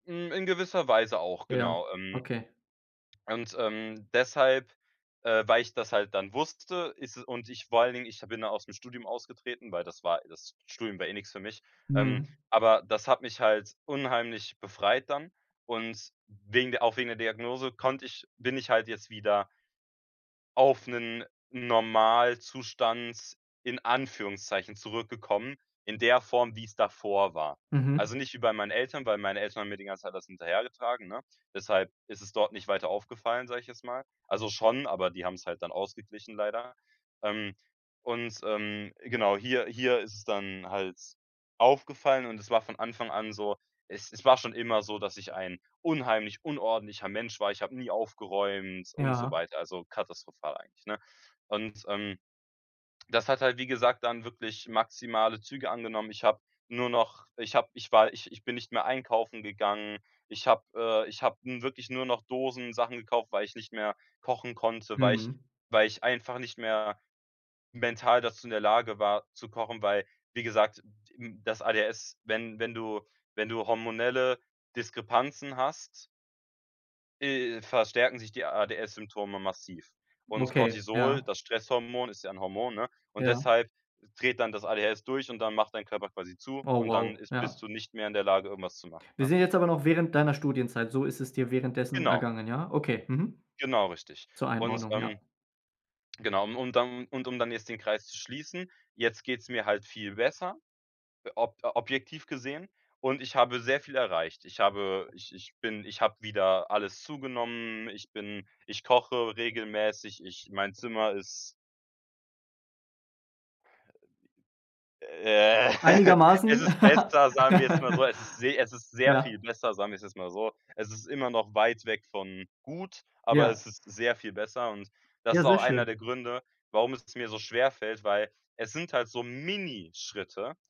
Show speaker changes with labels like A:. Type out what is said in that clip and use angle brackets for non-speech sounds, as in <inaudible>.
A: Hm, in gewisser Weise auch,
B: Ja,
A: genau, ähm.
B: okay.
A: Und, ähm, deshalb, äh, weil ich das halt dann wusste, ist es und ich vor allen Dingen ich ha bin da aus 'm Studium ausgetreten, weil das war das Studium war eh nix für mich, ähm,
B: Mhm.
A: aber das hat mich halt unheimlich befreit dann. Und wegen der auch wegen der Diagnose konnte ich bin ich halt jetzt wieder auf 'nen Normalzustand, in Anführungszeichen, zurückgekommen, in der Form, wie's davor war.
B: Mhm.
A: Also, nicht wie bei meinen Eltern, weil meine Eltern haben mir die ganze Zeit das hinterhergetragen, ne? Deshalb ist es dort nicht weiter aufgefallen, sag ich jetzt mal. Also, schon, aber die haben's halt dann ausgeglichen, leider. Ähm, und, ähm, genau, hier hier ist es dann halt aufgefallen und es war von Anfang an so es es war schon immer so, dass ich ein unheimlich unordentlicher Mensch war. Ich hab nie aufgeräumt und so
B: Ja.
A: weiter, also katastrophal eigentlich, ne? Und, ähm, das hat halt, wie gesagt, dann wirklich maximale Züge angenommen. Ich hab nur noch ich hab ich war ich ich bin nicht mehr einkaufen gegangen. Ich hab, äh ich hab nun wirklich nur noch Dosen-Sachen gekauft, weil ich nicht mehr kochen konnte, weil ich
B: Mhm.
A: weil ich einfach nicht mehr mental dazu in der Lage war, zu kochen. Weil, wie gesagt, d d im das ADHS, wenn wenn du wenn du hormonelle Diskrepanzen hast äh, verstärken sich die ADS Symptome massiv. Und
B: Okay,
A: Cortisol,
B: ja.
A: das Stresshormon, ist ja 'n Hormon, ne? Und
B: Ja.
A: deshalb dreht dann das ADHS durch und dann macht dein Körper quasi zu
B: Oh
A: und dann
B: wow,
A: ist bist
B: ja.
A: du nicht mehr in der Lage, irgendwas zu machen,
B: Wir
A: ne?
B: sind jetzt aber noch während deiner Studienzeit. So ist es dir währenddessen
A: Genau.
B: ergangen, ja? Okay. Mhm.
A: Genau richtig.
B: Zur
A: Und,
B: Einordnung, ja.
A: ähm, genau, und dann und um dann jetzt den Kreis zu schließen, jetzt geht's mir halt viel besser, ob objektiv gesehen und ich habe sehr viel erreicht. Ich habe ich ich bin ich hab wieder alles zugenommen. Ich bin ich koche regelmäßig. Ich mein Zimmer ist Äh, <laughs> es
B: Einigermaßen?
A: ist besser, sagen wir jetzt mal so,
B: <giggles>
A: es ist se es ist sehr
B: Ja.
A: viel besser, sagen wir's jetzt mal so. Es ist immer noch weit weg von gut, aber
B: Ja.
A: es ist sehr viel besser. Und das
B: Ja,
A: ist
B: sehr
A: auch einer
B: schön.
A: der Gründe, warum es mir so schwerfällt, weil, es sind halt so Minischritte